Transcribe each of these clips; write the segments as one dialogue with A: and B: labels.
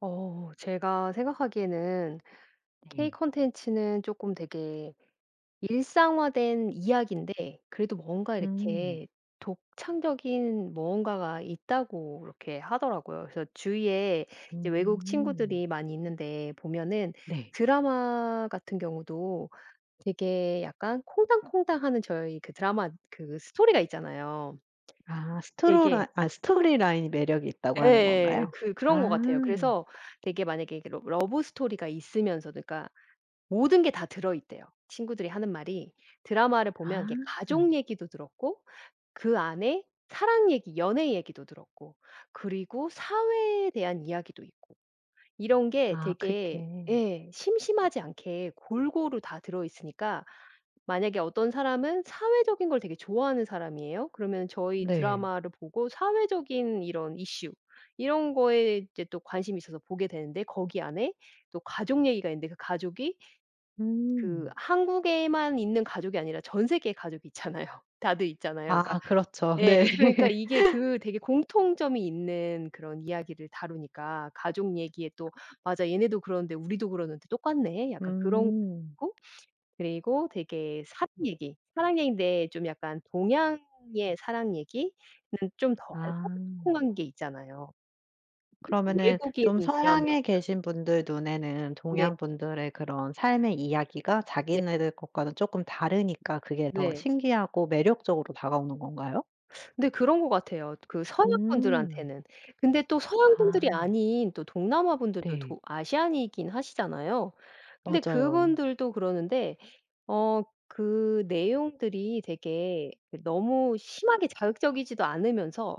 A: 어 제가 생각하기에는 K
B: 네.
A: 콘텐츠는 쪼끔 되게 일상화 된 이야기인데 그래도 뭔가
B: 음.
A: 이렇게 독창적인 무언가가 있다고 이렇게 하더라고요. 그래서 주위에 이제 외국
B: 음.
A: 친구들이 많이 있는데 보면은
B: 네.
A: 드라마 같은 경우도 되게 약간 콩당콩당하는 저희 그 드라마 그 스토리가 있잖아요.
B: 아.
A: 되게
B: 스토로라 아, 스토리 라인이 매력이 있다고 하는
A: 예.
B: 건가요?
A: 그 그런 것
B: 아.
A: 같아요. 그래서 되게 만약에 이게 러 러브 스토리가 있으면서도 그러니까 모든 게 다 들어있대요. 친구들이 하는 말이 드라마를
B: 아.
A: 보면 이렇게 가족 얘기도 들었고, 그 안에 사랑 얘기, 연애 얘기도 들었고 그리고 사회에 대한 이야기도 있고 이런 게
B: 아.
A: 되게
B: 그렇게.
A: 예. 심심하지 않게 골고루 다 들어있으니까 만약에 어떤 사람은 사회적인 걸 되게 좋아하는 사람이에요. 그러면 저희
B: 네.
A: 드라마를 보고 사회적인 이런 이슈 이런 거에 이제 또 관심이 있어서 보게 되는데 거기 안에 또 가족 얘기가 있는데 그 가족이 그
B: 음.
A: 한국에만 있는 가족이 아니라 전 세계에 가족이 있잖아요. 다들 있잖아요. 그러니까
B: 아. 그렇죠. 네.
A: 네 그러니까 이게 그 되게 공통점이 있는 그런 이야기를 다루니까 가족 얘기에 또 '맞아 얘네도 그러는데 우리도 그러는데 똑같네.' 약간 그렇고
B: 음.
A: 그리고 되게 사랑 얘기, 사랑 얘긴데 좀 약간 동양의 사랑 얘기는 좀 덜
B: 아.
A: 꼼꼼한 게 있잖아요.
B: 그러면은
A: 외국인
B: 좀
A: 드라마보다
B: 서양에 계신 분들 눈에는
A: 네.
B: 동양분들의 그런 삶의 이야기가
A: 네.
B: 자기네들 것과는 쪼끔 다르니까 그게 더
A: 네.
B: 신기하고 매력적으로 다가오는 건가요?
A: 네. 그런 것 같아요. 그 서양
B: 음.
A: 분들한테는 근데 또 서양 분들이
B: 아.
A: 아닌 또 동남아 분들도
B: 네.
A: 도 아시안이긴 하시잖아요. 근데
B: 맞아요.
A: 그분들도 그러는데 어 그 내용들이 되게 너무 심하게 자극적이지도 않으면서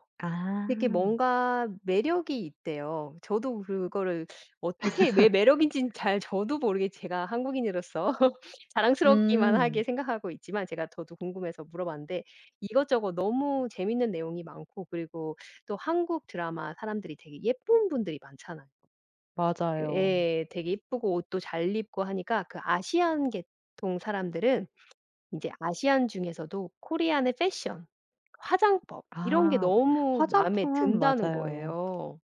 A: 되게
B: 아.
A: 뭔가 매력이 있대요. 저도 그거를 어떻게 왜 매력인진 잘 저도 모르게 제가 한국인으로서 자랑스럽기만
B: 음.
A: 하게 생각하고 있지만 제가 저도 궁금해서 물어봤는데 이것저것 너무 재밌는 내용이 많고 그리고 또 한국 드라마 사람들이 되게 예쁜 분들이 많잖아요.
B: 맞아요.
A: 예. 되게 예쁘고 옷도 잘 입고하니까 그 아시안 계통 사람들은 이제 아시안 중에서도 코리안의 패션, 화장법 이런 게
B: 아.
A: 너무 마음에
B: 화장품은
A: 든다는
B: 맞아요.
A: 거예요.